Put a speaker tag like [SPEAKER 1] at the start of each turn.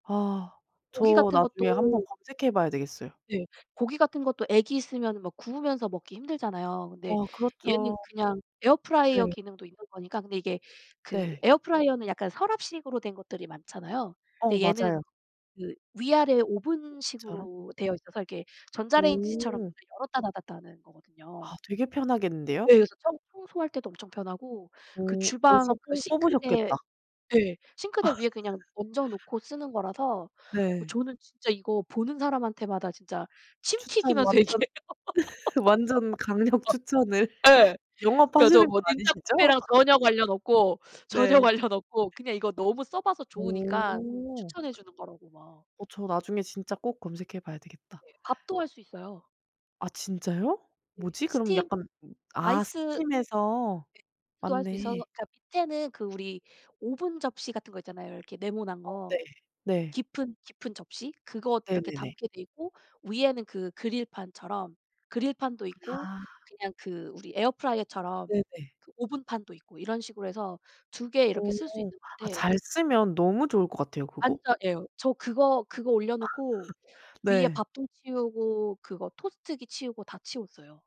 [SPEAKER 1] 아.
[SPEAKER 2] 고기
[SPEAKER 1] 저
[SPEAKER 2] 같은 것도
[SPEAKER 1] 나중에 1 번 검색해 봐야 되겠어요.
[SPEAKER 2] 네. 고기 같은 것도 애기 있으면은 막 구우면서 먹기 힘들잖아요. 근데 얘는
[SPEAKER 1] 어.그렇죠.
[SPEAKER 2] 그냥 에어프라이어
[SPEAKER 1] 네.
[SPEAKER 2] 기능도 있는 거니까. 근데 이게 그
[SPEAKER 1] 네.
[SPEAKER 2] 에어프라이어는 약간 서랍식으로 된 것들이 많잖아요.
[SPEAKER 1] 어.
[SPEAKER 2] 근데 얘는
[SPEAKER 1] 맞아요.
[SPEAKER 2] 그 위아래
[SPEAKER 1] 처럼?
[SPEAKER 2] 오븐식으로 되어 있어서 이렇게 전자레인지처럼
[SPEAKER 1] 오.
[SPEAKER 2] 문을 열었다 닫았다 하는
[SPEAKER 1] 아.
[SPEAKER 2] 거거든요.
[SPEAKER 1] 되게 편하겠는데요?
[SPEAKER 2] 네. 그래서 청 청소할 때도 엄청 편하고 그
[SPEAKER 1] 어. 벌써
[SPEAKER 2] 주방 그
[SPEAKER 1] 뽕
[SPEAKER 2] 싱크대
[SPEAKER 1] 뽑으셨겠다.
[SPEAKER 2] 예. 싱크대 위에 그냥 얹어 놓고 쓰는 거라서 어
[SPEAKER 1] 네.
[SPEAKER 2] 저는 진짜 이거 보는 사람한테마다 진짜 침
[SPEAKER 1] 추천
[SPEAKER 2] 튀기면서
[SPEAKER 1] 완전,
[SPEAKER 2] 얘기해요.
[SPEAKER 1] 완전 강력 추천을
[SPEAKER 2] 예. 그니까 저
[SPEAKER 1] 영업하시는 거
[SPEAKER 2] 뭐 닌자
[SPEAKER 1] 아니시죠?
[SPEAKER 2] 콤비랑 전혀 관련 없고,
[SPEAKER 1] 네.
[SPEAKER 2] 전혀 관련 없고 그냥 이거 너무 써 봐서 좋으니까
[SPEAKER 1] 어.
[SPEAKER 2] 추천해 주는 거라고 막
[SPEAKER 1] 어. 저 나중에 진짜 꼭 검색해 봐야 되겠다.
[SPEAKER 2] 예. 밥도 할 수 있어요.
[SPEAKER 1] 아. 진짜요?
[SPEAKER 2] 네.
[SPEAKER 1] 뭐지? 그럼
[SPEAKER 2] 스팀
[SPEAKER 1] 약간 아
[SPEAKER 2] 아이스
[SPEAKER 1] 스팀해서.
[SPEAKER 2] 수도 할 수
[SPEAKER 1] 맞네.
[SPEAKER 2] 있어서 그니까 밑에는 그 우리 오븐 접시 같은 것 있잖아요. 이렇게 네모난
[SPEAKER 1] 어. 네.
[SPEAKER 2] 거
[SPEAKER 1] 네.
[SPEAKER 2] 깊은, 깊은 접시? 그거 이렇게
[SPEAKER 1] 네네네.
[SPEAKER 2] 담게 돼 있고 위에는 그 그릴판처럼 그릴판도
[SPEAKER 1] 아.
[SPEAKER 2] 있고 그냥 그 우리 에어프라이어처럼
[SPEAKER 1] 네네.
[SPEAKER 2] 그 오븐판도 있고 이런 식으로 해서 2 개 이렇게 쓸 수
[SPEAKER 1] 어.
[SPEAKER 2] 있는
[SPEAKER 1] 아
[SPEAKER 2] 건데
[SPEAKER 1] 잘 쓰면 너무 좋을 것 같아요, 그거.
[SPEAKER 2] 완전 예. 저 그거 그거 올려놓고 위에
[SPEAKER 1] 네.
[SPEAKER 2] 밥통 치우고 그거 토스트기 치우고 다 치웠어요.